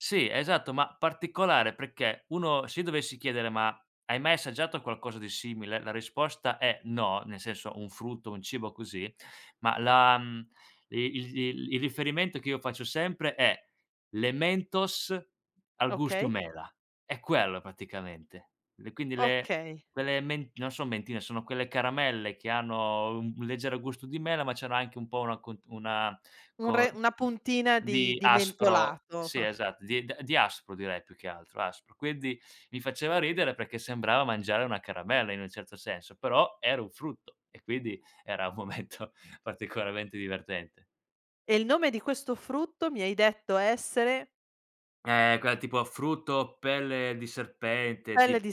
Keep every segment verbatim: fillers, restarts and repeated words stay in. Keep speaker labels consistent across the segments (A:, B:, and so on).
A: Sì, esatto, ma, particolare perché, uno se io dovessi chiedere: "Ma hai mai assaggiato qualcosa di simile?", la risposta è: "No". Nel senso un frutto, un cibo così, ma la, mhmm, il il il riferimento che io faccio sempre, è le mentos al gusto
B: Okay.
A: mela, è quello praticamente. E quindi le
B: Okay.
A: quelle men non son mentine, sono quelle caramelle, che hanno u un leggero gusto di mela, ma c'hanno anche un po' una co una
B: Un
A: con
B: re una puntina di
A: di
B: di
A: aspro,
B: mentolato.
A: sì esatto, di di aspro direi più che altro, aspro. Quindi, mi faceva ridere perché, sembrava mangiare una caramella, in un certo senso, però era un frutto, e quindi era un momento particolarmente divertente.
B: E il nome di questo frutto, mi hai detto essere?
A: Ehm, quella tipo frutto pelle di serpente,
B: Pelle
A: tip
B: di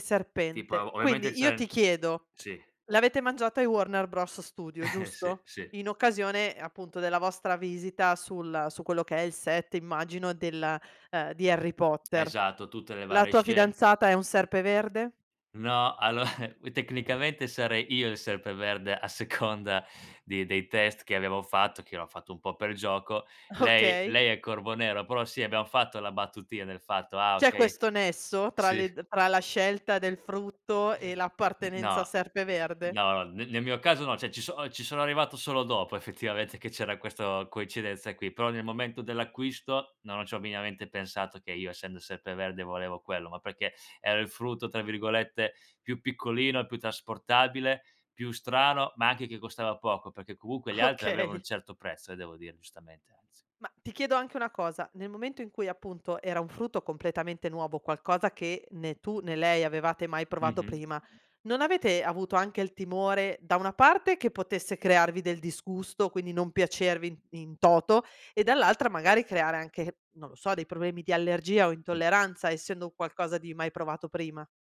A: tipo
B: serpente.
A: ov ovviamente
B: Quindi io ti
A: [unintelligible]
B: chiedo:
A: sì.
B: l'avete mangiato ai Warner Bros Studio,
A: Sì,
B: giusto?
A: sì.
B: In occasione, appunto, della vostra visita sul su quello che è il set, immagino, della ehm, di Harry Potter.
A: Esatto, tutte le
B: La
A: varie
B: tua
A: sce
B: fidanzata è un Serpeverde?
A: No, allo alloa tecnicamente sarei io il Serpeverde, a seconda di dei test che abbiamo fatto, che l'ho fatto un po' per gioco. Lei
B: Okay.
A: lei è Corvonero, però sì, abbiamo fatto la battutina del fatto: "Ah
B: C'è
A: okay"
B: questo nesso, tra
A: sì.
B: le tra la scelta del frutto e
A: N
B: l'appartenenza a
A: no.
B: Serpeverde?
A: No no, ne nel mio caso no, ceh ci so ci sono arrivato solo dopo effettivamente, che c'era questo coincidenza qui, però nel momento dell'acquisto, non c'ho miniamente pensato che io essendo Serpeverde volevo quello, ma perché era il frutto, tra virgolette, "più piccolino", più trasportabile, più strano, ma anche che costava poco, perché comunque gli altri avevano un
B: Okay.
A: certo prezzo, eh, devo dire giustamente, anzi.
B: Ma, ti chiedo anche una cosa: nel momento in cui appunto, era un frutto completamente nuovo, qualcosa che né tu né lei avevate mai provato
A: Mh-mh.
B: prima, non avete avuto anche il timore, da una parte che potesse crearvi del disgusto, quindi non piacervi in in toto e dall'altra magari creare anche, non lo so, dei problemi di allergia, o
A: Mh.
B: intolleranza essendo un qualcosa di mai provato prima?